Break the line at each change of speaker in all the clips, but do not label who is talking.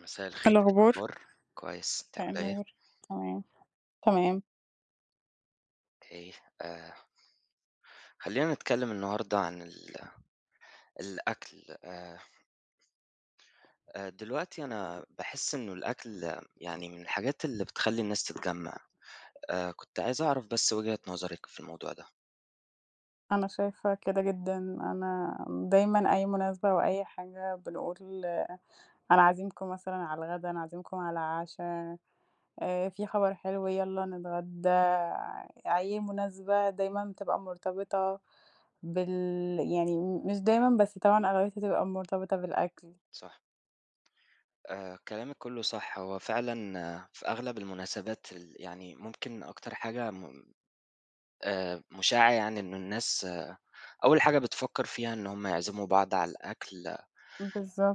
مساء
إيه
الخير. إيه
الأخبار؟
الأخبار؟ كويس، أنتِ
مساء
عاملة إيه؟
النور. تمام، تمام.
إيه آآ خلينا نتكلم النهاردة عن ال الأكل آآ آآ، دلوقتي أنا باحس إنه الأكل، يعني من الحاجات اللي بتخلّي الناس تتجمع. آآ، كنت عايز أعرف بس وجهة نظرِك في الموضوع ده.
أنا شايفة كده جدًا، أنا دايمًا أي مناسبة، أو أي حاجة بنقول أنا عازمكم مثلًا على الغدا، أنا عازمكم على العشا. آآ، في خبر حلو يالّا نتغدى، أي مناسبة دايمًا بتبقى مرتبطة بال يعني مش دايمًا، بس طبعًا أغلبيتها بتبقى مرتبطة بالأكل.
صح. آآ، كلامِك كله صح. هو فعلًا، في أغلب المناسبات ال يعني ممكن أكتر حاجة م آآ، مُشاعة يعني إن الناس أول حاجة بتفكِّر فيها إن هُم يعزِّموا بعض على الأكل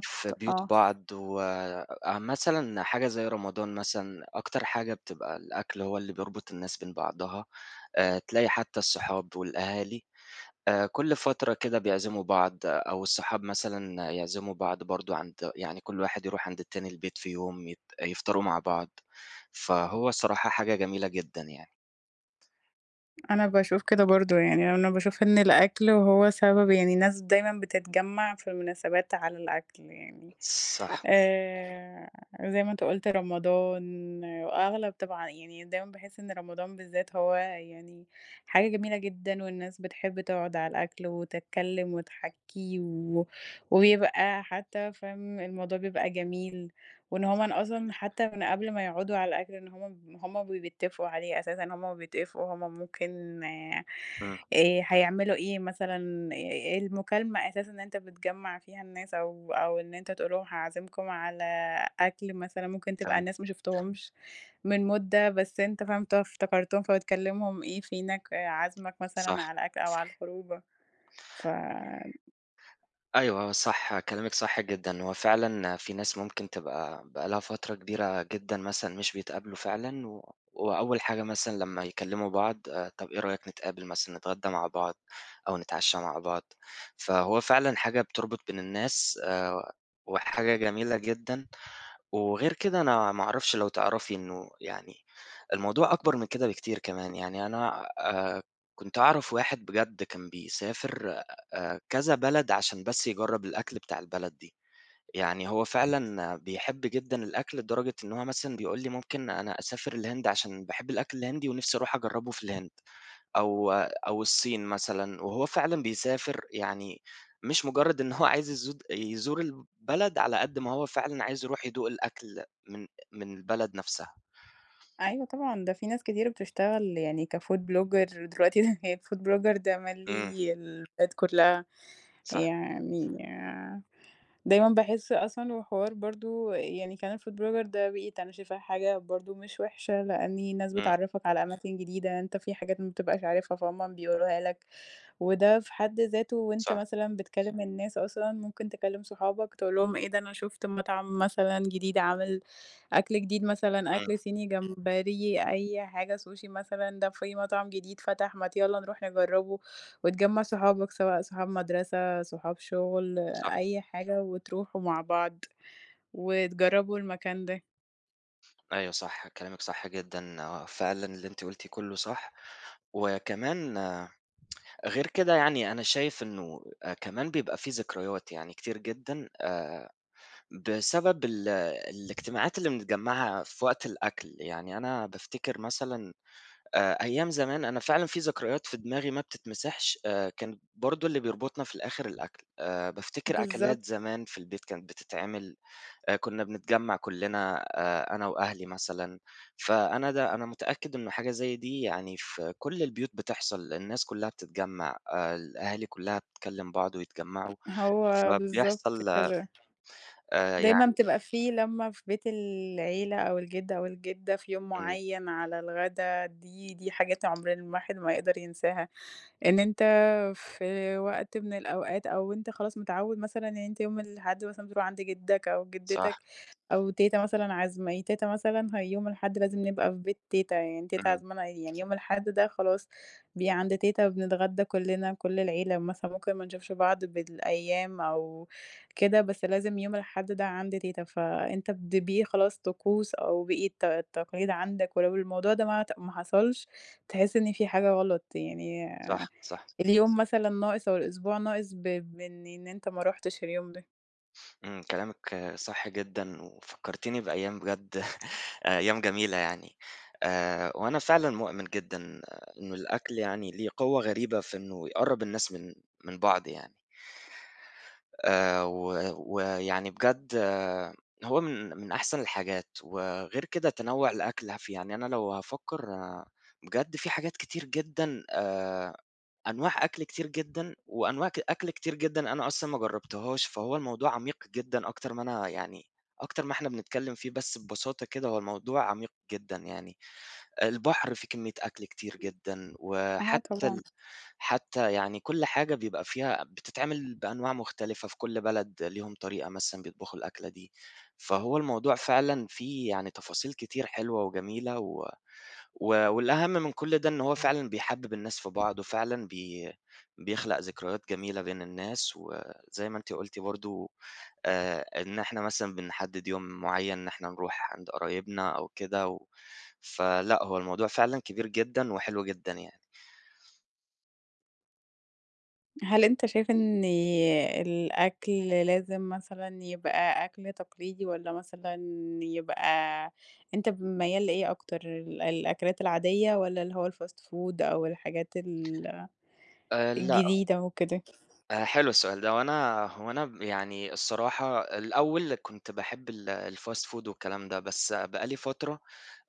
في بيوت
آه.
بعض. وآآ مثلًا حاجة زي رمضان مثلًا، أكتر حاجة بتبقى الأكل هو اللي بيربط الناس بين بعضها. آآ، تلاقي حتى الصحاب والأهالي، آآ، كل فترة كده، بيعزِّموا بعض، أو الصحاب مثلًا يعزِّموا بعض برضه عند يعني، كل واحد يروح عند التاني البيت، في يوم يت يفطروا مع بعض. فهو الصراحة، حاجة جميلة جدًا يعني.
أنا باشوف كده برضه يعني، أنا باشوف إن الأكل هو سبب يعني الناس دايمًا بتتجمَّع في المناسبات على الأكل يعني.
صح.
آآ زي ما أنت قُلت، رمضان، وأغلب طبعًا يعني دايمًا باحِس إن رمضان بالذات، هو يعني حاجة جميلة جدًا، والناس بتحِب تقعد على الأكل وتتكلَّم وتحكي و وبيبقى حتى فاهم، الموضوع بيبقى جميل، وإن هُم أصلًا،
[unintelligible]
حتى من قبل ما يقعدوا على الأكل، إن هُم من وهُم بيتَّفقوا عليه أساسًا. وهُم بيتَّفقوا، هُم ممكن آآ،
إمم.
هيعملوا إيه مثلًا، المكالمة أساسًا اللي أنت بتجمِّع فيها الناس، أو أو إن أنت تقول لهم: "هاعزِّمكم على أكل مثلًا." ممكن تبقى
[unintelligible]
الناس ما شُفتهمش من مُدة، بس أنت فاهم افتكرتهم، فبتكلِّمهم: "إيه فينك، عازمك مثلًا
صح.
على أكل أو على الخرجة." ف
أيوه، آه، صح، كلامِك صح جدًا. هو فعلًا في ناس ممكن تبقى بقى لها فترة كبيرة جدًا مثلًا، مش بيتقابلوا فعلًا، وأول حاجة مثلًا لمّا يكلِّموا بعض، آآ، "طب، إيه رأيك، نتقابل مثلًا، نتغدَّى مع بعض أو نتعشَّى مع بعض؟" فهو فعلًا حاجة بتربط بين الناس، آآ، وحاجة جميلة جدًا. وغير كده، أنا ما اعرفش، لو تعرفي إنه يعني، الموضوع أكبر من كده بكتير كمان. يعني أنا آآ، كنت أعرف واحد بجد كان بيسافر آآ، كذا بلد، عشان بس يجرِّب الأكل بتاع البلد دي. يعني، هو فعلًا بيحِب جدًا الأكل، لدرجة إن هو مثلًا بيقول لي: "ممكن أنا أسافر الهند، عشان باحِب الأكل الهندي، ونفسي أروح أجرِّبه في الهند، أو أو الصين مثلًا." وهو فعلًا بيسافر يعني، مش مجرَّد إنه هو عايز يزود يزور البلد، على قدر ما هو فعلًا عايز يروح يدوق الأكل من من البلد نفسها.
أيوه، طبعًا، ده في ناس كتير بتشتغل يعني كfood blogger دلوقتي، هي الfood blogger
إمم.
مالِي البلاد كلها.
صح.
يعني دايمًا باحِس أصلًا، وحوار برضه يعني كمان الfood blogger ده بقيت أنا شايفاه حاجة برضه مش وحشة، لأن الناس
إمم.
بتعرِّفك على أماكن جديدة، أنت في حاجات ما بتبقاش عارفها، فهُم بيوروها لك. وده في حد ذاته، وأنت
صح.
مثلًا بتكلِّم الناس أصلًا، ممكن تكلِّم صحابك، تقول لهم: "إيه ده، أنا شُفت مطعم مثلًا جديد عامل، أكل جديد مثلًا،
إمم.
أكل صيني، جمبري، أي حاجة، سوشي مثلًا، ده في مطعم جديد فتح، ما ت يالَّا نروح نجرِّبه." وتجمِّع صحابك، سواء صحاب مدرسة، صحاب شغل،
صح.
أي حاجة، وتروحوا مع بعض وتجرَّبوا المكان ده.
أيوه، صح، كلامِك صح جدًا، آه. فعلًا، اللي أنتِ قُلتيه كلَّه صح. وكمان غير كده يعني، أنا شايف إنه كمان بيبقى في ذكريات، يعني كتير جدًا، آآ، بسبب ال الاجتماعات اللي بنتجمَّعها في وقت الأكل. يعني، أنا بافتكر مثلًا آآ، أيام زمان أنا فعلًا في ذكريات في دماغي ما بتتمسحش. آآ، كان برضه اللي بيربطنا في الآخر الأكل. آآ، بافتكر
بالضبط.
أكلات زمان في البيت، كانت بتتعمل آآ، كنَّا بنتجمَّع كلَّنا آآ، أنا وأهلي مثلًا. فأنا ده أنا متأكِّد إنه حاجة زي دي، يعني في كل البيوت بتحصل، الناس كلَّها بتتجمَّع، الأهالي كلَّها بتكلِّم بعض ويتجمَّعوا.
هو بالضبط
فبيحصل
كده.
آآ
دايمًا
يعني
بتبقى في لمة في بيت العيلة، أو الجد، أو الجدَّة، في يوم
إمم.
معيَّن على الغدا، دي دي حاجات عُمر الواحد ما يقدر ينساها. إن أنت في وقت من الأوقات أو أنت خلاص متعوِّد مثلًا إن أنت يوم الأحد مثلًا بتروح عند جدَّك أو جدَّتك،
صح.
أو تيتة مثلًا عازمة ي تيتة مثلًا هي يوم الأحد، لازم نبقى في بيت تيتة يعني. تيتة
إمم.
عازمانا يعني، يوم الأحد ده خلاص، بي عند تيتة، بنتغدَّى كلَّنا، كل العيلة مثلًا. ممكن ما نشوفش بعض بالأيام أو كده، بس لازم يوم الأحد ده عند تيتة. فأنت بد بيه خلاص، طقوس، أو بقى الت التقاليد عندك. ولو الموضوع ده ما عت ما حصلش، تحِس إن في حاجة غلط يعني،
صح، صح.
اليوم مثلًا ناقص أو الأسبوع ناقص، ب ب إن إن أنت ما رُحتش اليوم ده.
امم، كلامِك صح جدًا وفكرتيني بأيام بجد أيام جميلة يعني. آآ وأنا فعلًا مؤمن جدًا إنه الأكل يعني ليه قوة غريبة في إنه يقرّب الناس من من بعض يعني. آآ و ويعني بجد هو من من أحسن الحاجات وغير كده تنوّع الأكل هف يعني أنا لو هافكر بجد في حاجات كتير جدًا آآ أنواع أكل كتير جدًا، وأنواع ك أكل كتير جدًا أنا أصلًا ما جربتهاش فهو الموضوع عميق جدًا أكتر ما أنا يعني أكتر ما إحنا بنتكلم فيه، بس ببساطة كده هو الموضوع عميق جدًا يعني، البحر فيه كمية أكل كتير جدًا
آه
وحتى
طبعًا.
ال حتى يعني كل حاجة بيبقى فيها بتتعمل بأنواع مختلفة في كل بلد ليهم طريقة مثلًا بيطبخوا الأكلة دي، فهو الموضوع فعلًا فيه يعني تفاصيل كتير حلوة وجميلة و و والأهم من كل ده إن هو فعلًا بيحبّب الناس في بعض وفعلًا بي بيخلق ذكريات جميلة بين الناس وزي ما أنتِ قُلتِ برضه آآ إن إحنا مثلًا بنحدد يوم معين إن إحنا نروح عند قرايبنا أو كده و فلأ هو الموضوع فعلًا كبير جدًا وحلو جدًا يعني.
هل أنت شايف إن الأكل لازم مثلًا يبقى أكْل تقليدي والّا مثلًا يبقى أنت ميّال لإيه أكتر ال الأكلات العادية والّا اللي هو الfast food أو الحاجات ال
آآ، لأ.
الجديده وكده؟
آآ، حلو السؤال ده، هو أنا هو أنا يعني الصراحة الأول كنت باحب ال الfast food والكلام ده، بس بقى لي فترة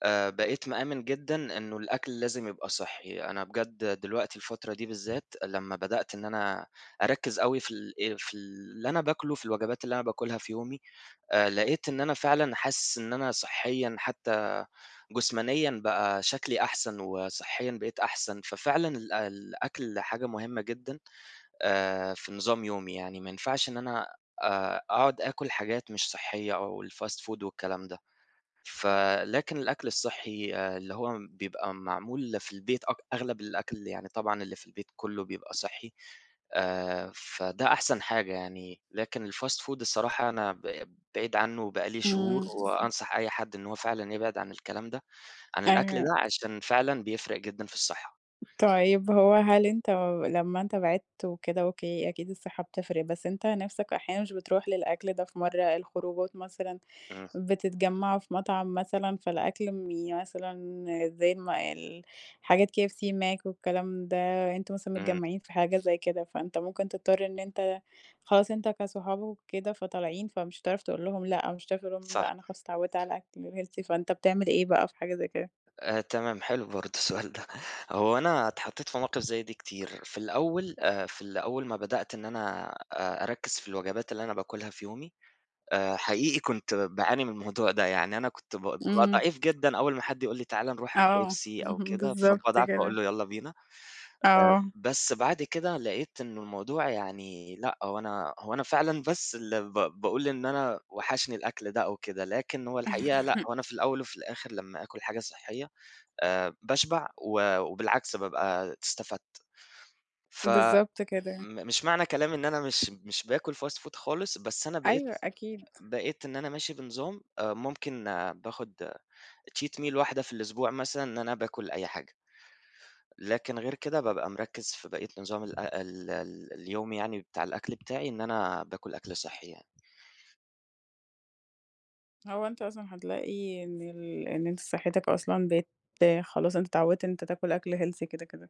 آآ بقيت مآمن جدًا إنه الأكل لازم يبقى صحّي. أنا بجد دلوقتي الفترة دي بالذات، لما بدأت إن أنا أركّز أوي في ال آآ في اللي أنا باكله في الوجبات اللي أنا باكلها في يومي، آآ لقيت إن أنا فعلًا حاسس إن أنا صحيًا حتى، جسمانيًا بقى شكلي أحسن، وصحيًا بقيت أحسن. ففعلًا الأ الأكل حاجة مهمة جدًا آآ في نظام يومي. يعني ما ينفعش إن أنا آآ أقعد أكل حاجات مش صحية أو الfast food والكلام ده. ف لكن الأكل الصحي اللي هو بيبقى معمول في البيت، أك أغلب الأكل يعني طبعًا اللي في البيت كُله بيبقى صحّي، آآ، فده أحسن حاجة يعني. لكن الfast food الصراحة أنا ب بعيد عنه، وبقى لي شهور،
إمم.
وأنصح أي حد إنه هو فعلًا يبعد عن الكلام ده عن الأكل
آآ
ده، عشان فعلًا بيفرِق جدًا في الصحة.
طيب هو هل أنت لمّا أنت بعدت وكده أوكي، أكيد الصحة بتفرق بس أنت نفسك أحيانًا مش بتروح للأكل ده في مرّة الخروجات مثلًا
إمم.
بتتجمعوا في مطعم مثلًا فالأكل مي يعني مثلًا زي مال حاجات KFC، Mac والكلام ده أنتم مثلًا
إمم.
متجمعين في حاجة زيّ كده فأنت ممكن تضطر إن أنت خلاص أنت كصحاب وكده فطالعين فمش هتعرف تقول لهُم لأ مش هتعرف لهُم
صح.
لأ أنا خلاص اتعودت على الأكل الhealthy فأنت بتعمل إيه بقى في حاجة زي كده؟
آآ تمام، حلو برضه السؤال ده. هو أنا اتحطيت في مواقف زيّ دي كتير في الأول آآ في أول ما بدأت إن أنا أ أركّز في الوجبات اللي أنا باكلها في يومي، آآ حقيقي كنت باعاني من الموضوع ده يعني. أنا كنت ب بابقى
إمم.
ضعيف جدًا، أول ما حد يقول لي: "تعالَ نروح
آه،
KFC أو
اهم
كده"
بالضبط
فباضعف باقول
كده.
له: "يلّا بينا." آآ
آه.
بس بعد كده لقيت إنه الموضوع يعني لأ، هو أنا هو أنا فعلًا بس ال ب باقول إن أنا وحشني الأكل ده أو كده، لكن هو الحقيقة لأ، هو أنا في الأول وفي الآخر لمّا آكُل حاجة صحية آآ باشبع، و وبالعكس بابقى استفدت. ف م
بالضبط كده.
مش معنى كلامي إن أنا مش مش باكل fast food خالص، بس أنا بقيت
أيوه أكيد.
بقيت إن أنا ماشي بنظام. آآ ممكن باخد آآ cheat meal واحدة في الأسبوع مثلًا، إن أنا باكُل أي حاجة. لكن غير كده بابقى مركّز في بقية نظام الأ ال ال اليوم يعني بتاع الأكل بتاعي، إن أنا باكل أكل صحّي يعني.
هو أنت أصلًا حتلاقي إن ال إن أنت صحتك أصلًا بقت خلاص أنت اتعودت إن أنت تاكل أكْل healthy كده كده.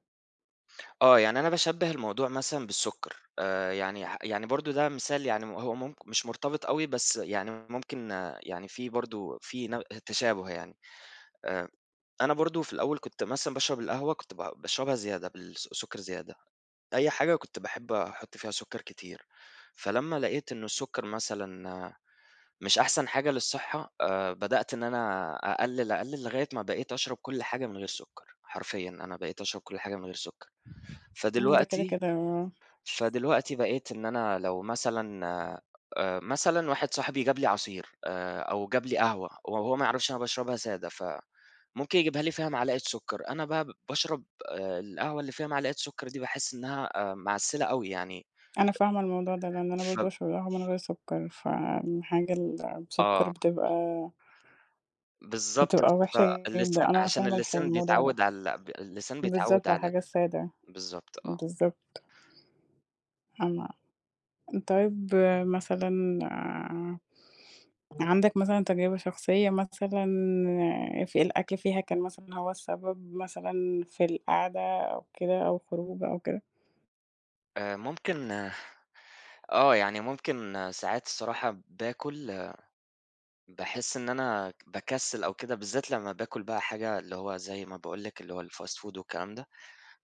آه، يعني أنا باشبِّه الموضوع مثلًا بالسكر. آآ، يعني ح يعني برضه ده مثال يعني هو م مش مرتبط أوي، بس يعني ممكن يعني في برضه في ن تشابه يعني. آآ، أنا برضه، في الأول، كنت مثلًا باشرب القهوة، كنت ب باشربها زيادة، بالسك سكر زيادة، أي حاجة كنت باحِب أحُط فيها سكر كتير. فلمَّا لقيت إنه السكر مثلًا مش أحسن حاجة للصحة، آآ، بدأت إن أنا أقلِّل، أقلِّل، لغاية ما بقيت أشرب كل حاجة من غير سكر. حرفيًا، أنا بقيت أشرب كل حاجة من غير سكر.
امم، ده كده
فدلوقتي
كده، آه.
فدلوقتي، بقيت إن أنا، لو مثلًا آآ، مثلًا واحد صاحبي جاب لي عصير، آآ، أو جاب لي قهوة، و وهو ما يعرفش أنا باشربها سادة، فممكن يجيبها لي فيها معلقة سكر. أنا بقى باشرب، آآ، القهوة اللي فيها معلقة سكر دي، باحِس إنها، آآ، معسِّلة أوي يعني
أنا فاهمة الموضوع ده، لأن أنا
ف
برضه باشرب القهوة من غير سكر، فالحاجة المسكرة
آه.
بتبقى
بالضبط،
بتبقى وحشة
فاللسان
جدًا، أنا
عشان
فاهمة الحي
اللسان
الموضوع ده.
بيتعود على ال اللسان بيتعود
بالضبط على
على ال
الحاجة السادة.
بالضبط، آه.
بالضبط. فاهمة، طيب، مثلًا عندك مثلًا تجربة شخصية مثلًا ف الأكل فيها كان مثلًا هو السبب مثلًا في القعدة، أو كده، أو خروجة أو كده؟
آآ، ممكن آه، يعني ممكن ساعات الصراحة باكُل، باحِس إن أنا ك باكسل أو كده، بالذات لمّا باكُل بقى حاجة، اللي هو زي ما باقول لِك، اللي هو الfast food والكلام ده،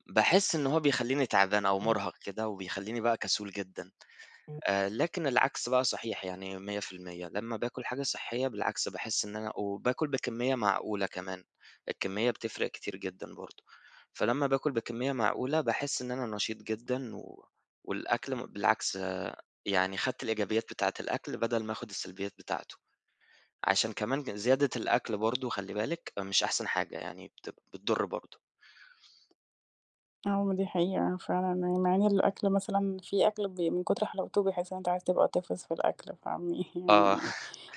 باحِس إنه هو بيخلِّيني تعبان أو مُرهَق كده، وبيخلِّيني بقى كسول جدًا. آآ، لكن العكس بقى صحيح يعني 100%، لمّا باكُل حاجة صحِّية بالعكس، باحِس إن أنا وباكُل بكمِّية معقولة كمان، الكمِّية بتفرِّق كتير جدًا برضه. فلمّا باكُل بكمِّية معقولة، باحِس إن أنا نشيط جدًا، و والأكل م بالعكس يعني خَدت الإيجابيات بتاعة الأكل، بدل ما آخُد السلبيات بتاعته. عشان كمان ج زيادة الأكل برضه، خلِّي بالِك، مش أحسن حاجة يعني، بتبقى بتضُر برضه.
آه، ما دي حقيقة فعلًا مع إن الأكل مثلًا في أكل، بي من كُتر حلاوته، بتحِس إن أنت عايز تبقى طفس في الأكل. فاهمني؟
آه.
يعني،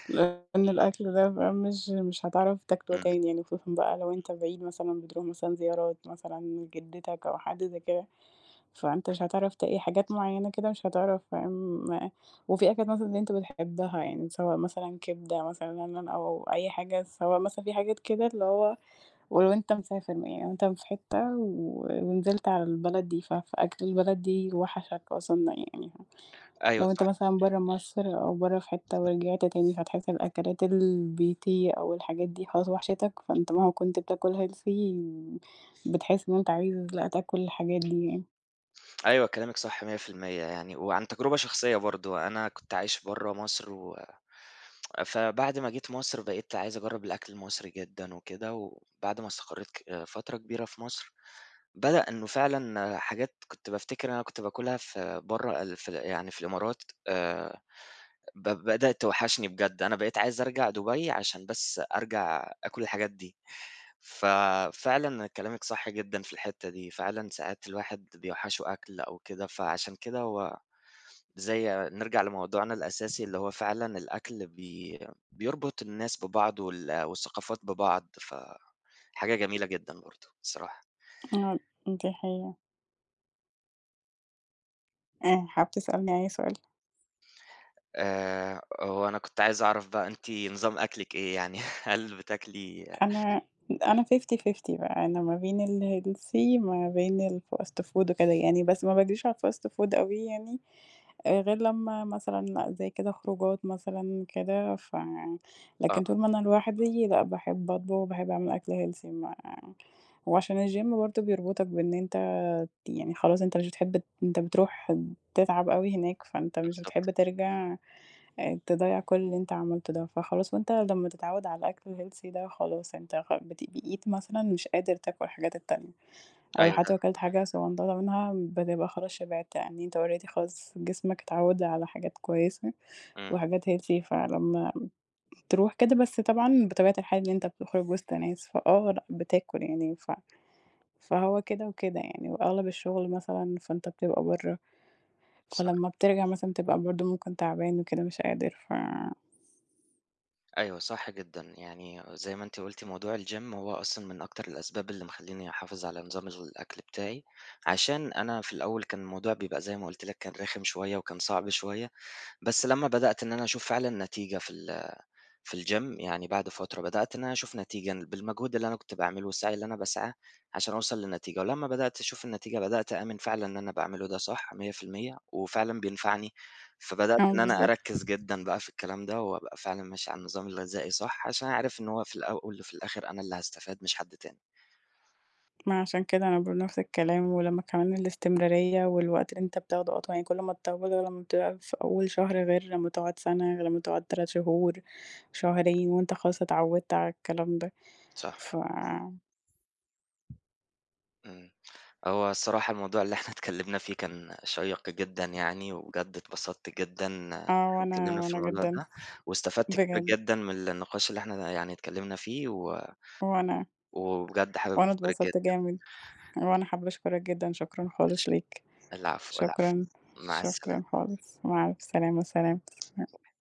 لأن الأكل ده بقى، مش مش هتعرف تاكله
إمم.
تاني يعني خصوصًا بقى لو أنت بعيد مثلًا، بتروح مثلًا زيارات، مثلًا لجدَّتك أو حد زي كده، فأنت مش هتعرف ت إيه حاجات معيَّنة كده، مش هتعرف فاهم، وفي أكلات مثلًا، اللي أنت بتحبها، يعني سواء مثلًا كبدة مثلًا [unintelligible] أو أي حاجة. سواء مثلًا في حاجات كده، اللي هو ولو أنت مسافر م يعني لو أنت في حتة و ونزِلت على البلد دي، ف فأكل البلد دي وَحَشك أصلًا. يعني ه
أيوه،
لو أنت
صح.
مثلًا برَّا مصر أو برَّا في حتَّة، ورجِعت تاني فهتحِس الأكلات ال البيتي، أو الحاجات دي، خلاص وَحَشتك. فأنت مهما كنت بتاكل healthy، بتحِس إن أنت عايز، لأ، تاكل الحاجات دي يعني.
أيوه، كلامِك صح 100% يعني، وعن تجربة شخصية برضه. أنا كنت عايش برَّه مصر، و فبعد ما جيت مصر، بقيت عايز أجرِّب الأكل المصري جدًا وكده. وبعد ما استقريت ك فترة كبيرة في مصر، بدأ إنه فعلًا حاجات كنت بافتكر أنا كنت باكُلها في برَّه ال في ال يعني في الإمارات، آآ، ب بدأت توحِّشني بجد. أنا بقيت عايز أرجع دبي، عشان بس أرجع آكُل الحاجات دي. ففعلًا كلامِك صح جدًا في الحتَّة دي، فعلًا ساعات الواحد بيوحِّشه أكل أو كده. فعشان كده هو زي نرجع لموضوعنا الأساسي، اللي هو فعلًا الأكل بي بيربط الناس ببعض وال والثقافات ببعض. ف حاجة جميلة جدًا برضه الصراحة.
[unintelligible] دي حقيقة. آآ، حابب تسألني أي سؤال؟
آآ، هو أنا كنت عايز أعرف بقى، أنتِ نظام أكلِك إيه يعني؟ هل بتاكلي
أنا أنا 50: 50 بقى، أنا ما بين الhealthy، ما بين الfast food وكده يعني. بس ما باجريش على الfast food أوي يعني، غير لمَّا مثلًا زي كده، خروجات مثلًا كده. ف
آه.
لكن طول ما أنا لوحدي، لأ، باحِب أطبخ، باحِب أعمل أكل healthy. ما وعشان الجيم برضه، بيربطك بإن أنت ت يعني خلاص، أنت مش بتحِب ت أنت بتروح تتعب أوي هناك، فأنت مش بتحِب
بالضبط.
ترجع آآ تضيِّع كل اللي أنت عملته ده. فخلاص، وأنت لمَّا تتعوَّد على الأكل الhealthy ده، خلاص، أنت خ بت بقيت مثلًا مش قادر تاكل الحاجات التانية، أو ل
أيوه
حتى لو
ده
كلت حاجة صغنططة منها، بتبقى خلاص شبعت يعني أنت already، خلاص، جسمك اتعوَّد على حاجات كويسة
امم.
وحاجات healthy فلمَّا تروح كده بس طبعًا بطبيعة الحياة إن أنت بتخرج وسط ناس، فآه، لأ، بتاكل يعني. ف فهو كده وكده يعني. وأغلب الشغل مثلًا، فأنت بتبقى برَّه،
صح.
فلمَّا بترجع مثلًا بتبقى برضه ممكن تعبان وكده، مش قادر، ف
أيوه، صح جدًا. يعني زي ما أنتِ قُلتِ موضوع الGym هو أصلًا من أكتر الأسباب اللي مخلّيني أحافظ على نظام الغ الأكل بتاعي؛ عشان أنا في الأول كان الموضوع بيبقى زي ما قُلت لِك كان رِخم شوية وكان صعب شوية بس لمّا بدأت إن أنا أشوف فعلًا نتيجة في ال في الGym يعني بعد فترة بدأت إن أنا أشوف نتيجة بالمجهود اللي أنا كنت باعمله والسعي اللي أنا باسعاه عشان أوصل للنتيجة، ولمّا بدأت أشوف النتيجة بدأت أآمن فعلًا إن أنا باعمله ده صح 100% وفعلًا بينفعني فبدأت
آه
إن أنا
بالضبط.
أركّز جدًا بقى في الكلام ده وأبقى فعلًا ماشي على النظام الغذائي صح؛ عشان أنا عارف إن هو في الأول وفي الآخر أنا اللي هاستفاد مش حد تاني.
ما عشان كده أنا باقول نفْس الكلام ولمّا كمان الاستمرارية والوقت اللي أنت بتاخده أطول يعني كل ما تطوّله ولمّا بتبقى فأول شهر غِير لمّا تقعد سنة، غِير لمّا تقعد 3 شهور، شهرين وأنت خلاص اتعودت على الكلام ده
صح.
فا
امم. هو الصراحة الموضوع اللي إحنا اتكلّمنا فيه كان شيّق جدًا يعني، وبجد اتبسطت جدًا إن
آه
إحنا
وأنا
اتكلّمنا في
وأنا
الموضوع
جدًا
ده واستفدت كتير
بجد.
جدًا من النقاش اللي إحنا يعني اتكلّمنا فيه و
وأنا.
وبجد حابب
وأنا
أشكرِك
اتبسطت
جدًا.
جامد وأنا حابة أشكرك جدًا. شكرًا
ش
خالص ليك،
العفو، العفو
شكرًا،
مع السلامة.
شكرًا خالص مع ألف السلامة، سلام [unintelligible]
[unintelligible]